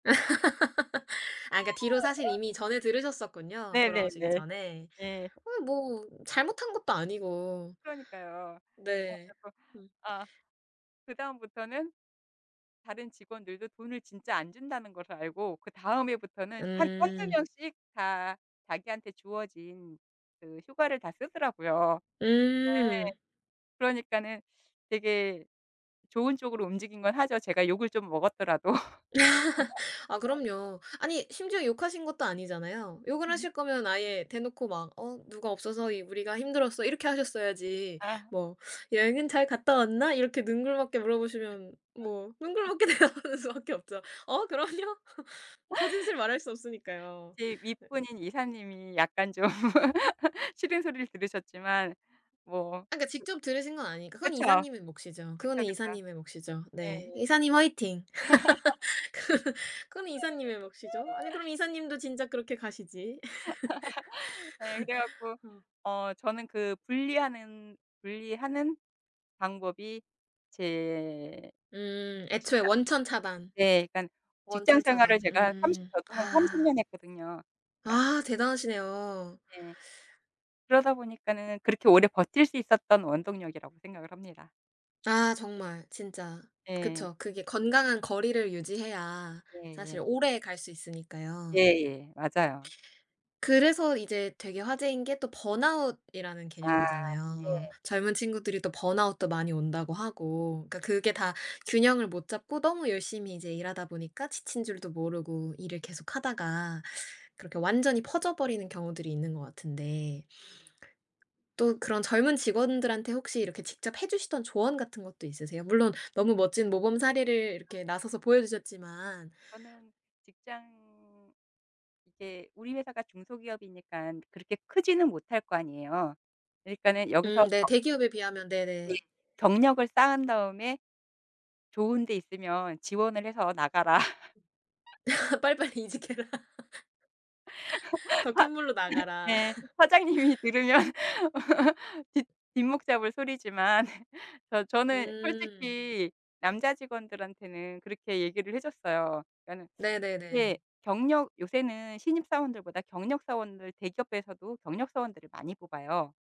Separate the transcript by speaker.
Speaker 1: 아 그러니까 뒤로 사실 이미 전해 들으셨었군요, 돌아오시기
Speaker 2: 네네네.
Speaker 1: 전에.
Speaker 2: 예.
Speaker 1: 아니 뭐 잘못한 것도 아니고.
Speaker 2: 그러니까요. 어
Speaker 1: 네.
Speaker 2: 그리고
Speaker 1: 음.
Speaker 2: 아 그다음부터는 다른 직원들도 돈을 진짜 안 준다는 걸 알고 그다음 해부터는 한 1-2
Speaker 1: 음.
Speaker 2: 명씩 다 자기한테 주어진 그 휴가를 다 쓰더라고요. 네.
Speaker 1: 음.
Speaker 2: 그러니까는 되게 좋은 쪽으로 움직인 거는 하죠, 제가 욕을 좀 먹었더라도.
Speaker 1: 아 그럼요. 아니 심지어 욕하신 것도 아니잖아요. 욕을 하실 거면 아예 대놓고 막 "어 누가 없어서 이 우리가 힘들었어." 이렇게 하셨어야지,
Speaker 2: 아.
Speaker 1: "뭐 여행은 잘 갔다 왔나?" 이렇게 능글맞게 물어 보시면 뭐 능글맞게 대답하는 수밖에 없죠. "어 그럼요." 거짓을 말할 수 없으니까요.
Speaker 2: 제
Speaker 1: 네.
Speaker 2: 윗분인 이사님이 약간 좀 싫은 소리를 들으셨지만 뭐
Speaker 1: 아 그러니까 직접 들으신 건 아니니까.
Speaker 2: 그
Speaker 1: 그건
Speaker 2: 그쵸.
Speaker 1: 이사님의 몫이죠. 그건
Speaker 2: 그쵸, 그쵸.
Speaker 1: 이사님의 몫이죠. 네.
Speaker 2: 네.
Speaker 1: 이사님 화이팅. 그 그건 이사님의 몫이죠. 아니 그럼 이사님도 진작 그렇게 가시지.
Speaker 2: 예. 그래 갖고
Speaker 1: 어.
Speaker 2: 어 저는 그 분리하는 분리하는 방법이 제
Speaker 1: 음. 애초에
Speaker 2: 직장
Speaker 1: 원천 차단,
Speaker 2: 네 그러니까 직장
Speaker 1: 원천
Speaker 2: 생활을
Speaker 1: 차단.
Speaker 2: 제가 30
Speaker 1: 음
Speaker 2: 저도 한 30
Speaker 1: 아.
Speaker 2: 년 했거든요, 그러니까
Speaker 1: 아 대단하시네요.
Speaker 2: 네. 그러다 보니까는 그렇게 오래 버틸 수 있었던 원동력이라고 생각을 합니다.
Speaker 1: 아 정말. 진짜.
Speaker 2: 예.
Speaker 1: 그쵸. 그게 건강한 거리를 유지해야 사실
Speaker 2: 예예.
Speaker 1: 오래갈 수 있으니까요.
Speaker 2: 예예. 맞아요.
Speaker 1: 그래서 이제 되게 화제인 게 또 번아웃이라는
Speaker 2: 아.
Speaker 1: 개념이잖아요.
Speaker 2: 네.
Speaker 1: 젊은 친구들이 또 번아웃도 많이 온다고 하고. 그러니까
Speaker 2: 네.
Speaker 1: 그게 다 균형을 못 잡고 너무 열심히 이제 일하다 보니까 지친 줄도 모르고 일을 계속 하다가 그렇게 완전히 퍼져버리는 경우들이 있는 것 같은데
Speaker 2: 음.
Speaker 1: 또 그런 젊은 직원들한테 혹시 이렇게 직접 해 주시던 조언 같은 것도 있으세요? 물론 너무 멋진 모범 사례를
Speaker 2: 아.
Speaker 1: 이렇게 나서서 보여주셨지만.
Speaker 2: 저는 직장 이제 우리 회사가 중소기업이니까 그렇게 크지는 못할 거 아니에요. 그러니까는
Speaker 1: 음
Speaker 2: 여기서
Speaker 1: 네.
Speaker 2: 더
Speaker 1: 대기업에 비하면.
Speaker 2: 네.
Speaker 1: 네네.
Speaker 2: "경력을 쌓은 다음에 좋은 데 있으면 지원을 해서 나가라."
Speaker 1: 빨리빨리 이직해라.
Speaker 2: 사
Speaker 1: 더 큰 물로 나가라.
Speaker 2: 네 사장님이 들으면 뒷 뒷목 잡을 소리지만 저 저는
Speaker 1: 음.
Speaker 2: 솔직히 남자 직원들한테는 그렇게 얘기를 해 줬어요. 그러니까는 예
Speaker 1: 네네네.
Speaker 2: 경력 요새는 신입 사원들보다 경력 사원들, 대기업에서도 경력 사원들을 많이 뽑아요.